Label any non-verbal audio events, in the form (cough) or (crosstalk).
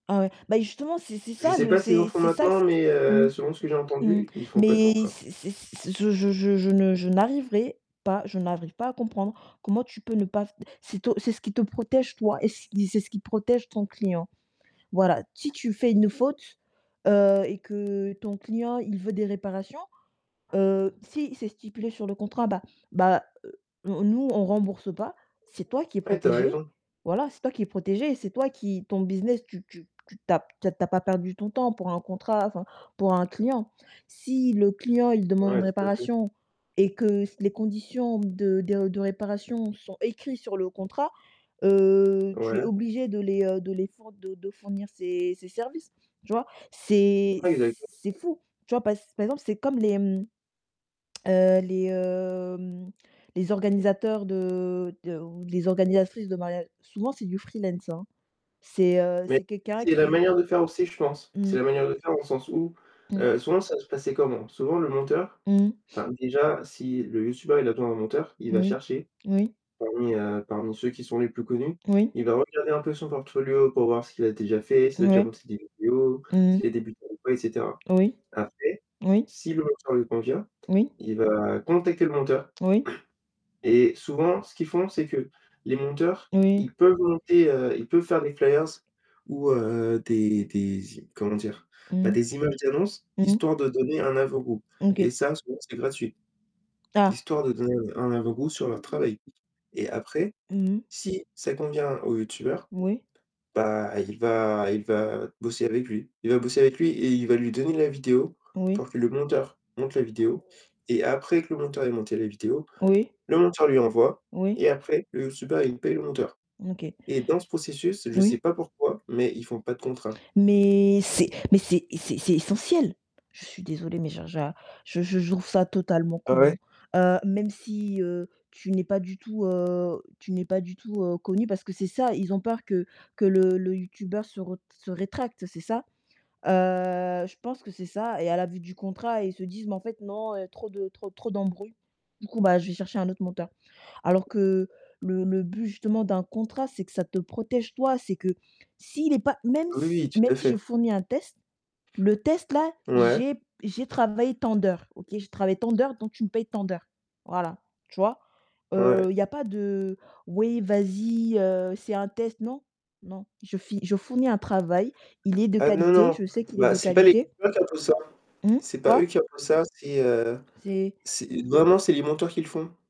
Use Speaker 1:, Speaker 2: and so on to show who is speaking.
Speaker 1: Ah ouais. Bah justement, c'est c'est
Speaker 2: Je
Speaker 1: ça
Speaker 2: sais
Speaker 1: le
Speaker 2: pas s'ils en
Speaker 1: c'est
Speaker 2: font
Speaker 1: c'est ça
Speaker 2: maintenant,
Speaker 1: ce que
Speaker 2: mais heu,
Speaker 1: mmh?
Speaker 2: selon ce que j'ai
Speaker 1: Mmh,
Speaker 2: entendu, ils font pas de
Speaker 1: mais
Speaker 2: contrat.
Speaker 1: c'est c'est c'est je je je je ne je n'arriverai pas je n'arrive pas à comprendre comment tu peux ne pas f c'est to c'est ce qui te protège toi et c c'est ce qui protège ton client. Voilà, si tu fais une faute, heu et que ton client, il veut des réparations, heu, si c'est stipulé sur le contrat, bah, bah, heu, nous nous on rembourse pas, c'est toi qui est
Speaker 2: Ouais, tu as
Speaker 1: protégé,
Speaker 2: raison.
Speaker 1: voilà, c'est toi qui est protégé, c'est toi qui ton business tu tu tu tu as p tu as tu as pas perdu ton temps pour un contrat enfin, pour un client. Si le client il demande
Speaker 2: Ouais, tout à fait.
Speaker 1: réparation et que les s conditions de de de réparation sont écrits sur le contrat, heu, tu es
Speaker 2: Ouais.
Speaker 1: obligé de les, heu, de les four de de fournir ces ces services, tu vois? C'est c
Speaker 2: Ouais, exactement.
Speaker 1: c'est fou. Tu vois, pass par exemple, c'est comme les, mmh, (tsk) heu, les, hem, les organisateurs de de ou les organisatrices de mariage souvent, c'est du freelance, hein. C'est heu,
Speaker 2: Mais
Speaker 1: c'est quelqu'un
Speaker 2: c'est la
Speaker 1: qui
Speaker 2: manière de faire aussi, je pense. C'est
Speaker 1: Mmh.
Speaker 2: la manière de faire au sens où,
Speaker 1: Mmh.
Speaker 2: heu, souvent, ça va se passer comment? Souvent le monteur
Speaker 1: Mmh.
Speaker 2: enfin, déjà si le youtubeur, il a besoin d'un monteur, il va
Speaker 1: Moui.
Speaker 2: chercher,
Speaker 1: Oui.
Speaker 2: parmi heu, parmi ceux qui sont les plus connus.
Speaker 1: Oui.
Speaker 2: Il va regarder un peu son portfolio pour voir ce qu'il a déjà fait, s'il a déjà
Speaker 1: Ouais.
Speaker 2: monté des vidéos,
Speaker 1: Mmh mh.
Speaker 2: s'il est débutant ou quoi, et cetera.
Speaker 1: Oui.
Speaker 2: Après,
Speaker 1: Oui.
Speaker 2: si le monteur lui convient,
Speaker 1: Oui.
Speaker 2: il va contacter le monteur.
Speaker 1: Oui.
Speaker 2: Et souvent, ce qu'ils font, c'est que, les monteurs,
Speaker 1: Oui.
Speaker 2: ils peuvent monter, heu, ils peuvent faire des flyers ou heu, des des z comment dire? Bah
Speaker 1: Mmh.
Speaker 2: des images d'annonce,
Speaker 1: Mmh.
Speaker 2: histoire de donner un avant goût. Et
Speaker 1: OK.
Speaker 2: ça, souvent, c'est gratuit.
Speaker 1: Ah.
Speaker 2: Histoire de donner un un avant goût sur leur travail. Et après,
Speaker 1: Mmh mh.
Speaker 2: si ça convient au youtubeur,
Speaker 1: Oui.
Speaker 2: bah, il va il va bosser avec lui. Il va bosser avec lui et il va lui donner la vidéo,
Speaker 1: Oui.
Speaker 2: pour que le monteur, monte la vidéo. Et après que le monteur ait monté à la vidéo,
Speaker 1: Oui.
Speaker 2: le monteur lui envoie
Speaker 1: Oui.
Speaker 2: et après le youtubeur, il paye le monteur.
Speaker 1: OK.
Speaker 2: Et dans ce processus, je sais
Speaker 1: Oui.
Speaker 2: pas pourquoi, mais ils font pas de contrat.
Speaker 1: Mais, c'est mais c'est c'est c'est essentiel. Je suis désolée, mais je je je je je trouve ça totalement
Speaker 2: Ah ouais?
Speaker 1: con, heu, même si heu, tu n'es pas du tout, heu, tu n'es pas du tout, heu, connu parce que c'est ça, ils ont peur que que le le Youtubeur se re se rétracte, c'est ça? Heu, je pense que c'est ça et à la vue du contrat, ils se disent: «Mais en fait non, heu, trop de trop trop d'embrouilles». Du coup, bah, je vais chercher un autre monteur. Alors que le le but justement d'un contrat, c'est que ça te protège toi, c'est que, s'il est pas même
Speaker 2: Oui, oui.
Speaker 1: si
Speaker 2: Tout à
Speaker 1: même si je
Speaker 2: fait.
Speaker 1: fournis un test le test là,
Speaker 2: Ouais.
Speaker 1: j'ai j'ai travaillé tant d'heures. OK, j'ai travaillé tant d'heures donc tu me paies tant d'heures. Voilà, tu vois? Heu,
Speaker 2: Ouais.
Speaker 1: il y a pas de: «Oui vas-y, heu, c'est un test». Non, non. Je fi je fournis un travail, il est de
Speaker 2: Ah non,
Speaker 1: qualité,
Speaker 2: non.
Speaker 1: je sais qu'il est
Speaker 2: Bah,
Speaker 1: de
Speaker 2: c'est pas les
Speaker 1: qualité.
Speaker 2: (unintelligible) ça.
Speaker 1: Mmh?
Speaker 2: C'est pas
Speaker 1: Quoi?
Speaker 2: eux qui ont fait ça, c'est, heu
Speaker 1: C'est
Speaker 2: c'est vraiment c'est les monteurs qui le font.